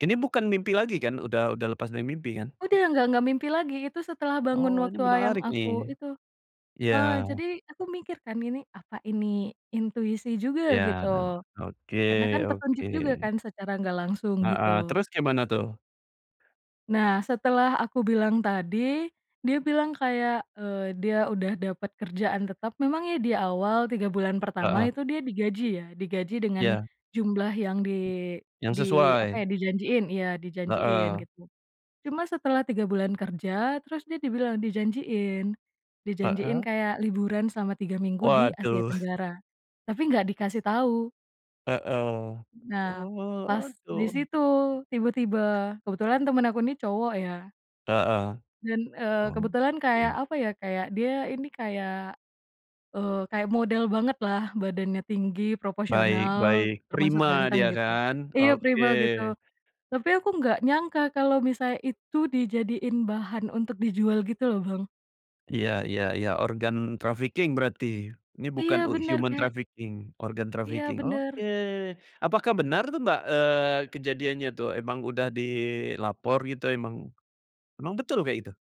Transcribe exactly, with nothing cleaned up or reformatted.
Ini bukan mimpi lagi kan? Udah udah lepas dari mimpi kan? Udah nggak nggak mimpi lagi itu setelah bangun Oh, ini waktu wa yang menarik aku nih. itu, Iya. eee, jadi aku mikir kan gini apa ini intuisi juga Ya, gitu, oke karena kan oke. petunjuk juga kan secara enggak langsung gitu. Heeh, terus gimana tuh? Nah, setelah aku bilang tadi, dia bilang kayak, eee, dia udah dapet kerjaan tetap memang ya di awal, tiga bulan pertama Heeh. itu dia digaji ya, digaji dengan Ya. jumlah yang di di Yang apa sesuai. ya, dijanjiin, iya dijanjiin Heeh. gitu. Cuma setelah tiga bulan kerja terus dia dibilang dijanjiin. Dijanjiin Heeh. kayak liburan selama tiga minggu di Asia Waduh. Tenggara, tapi enggak dikasih tahu. Heeh, Nah, oh pas di waduh. situ tiba-tiba, kebetulan temen aku ini cowok ya. Heeh, Dan, eee, oh, kebetulan kayak, duh. apa ya, kayak dia ini kayak eee, kayak model banget lah badannya, tinggi, Baik proporsional, baik, termasuk prima ganteng dia gitu, kan? iya Oke. prima, gitu, tapi aku enggak nyangka kalau misalnya itu dijadiin bahan untuk dijual gitu loh, Bang. Iya iya iya, organ trafficking berarti? Ini Iya, bukan bener human kayak trafficking, organ Iya, trafficking. Oke, bener. apakah benar tuh, Mbak, eee, kejadiannya tuh emang udah dilapor gitu emang emang betul kayak gitu?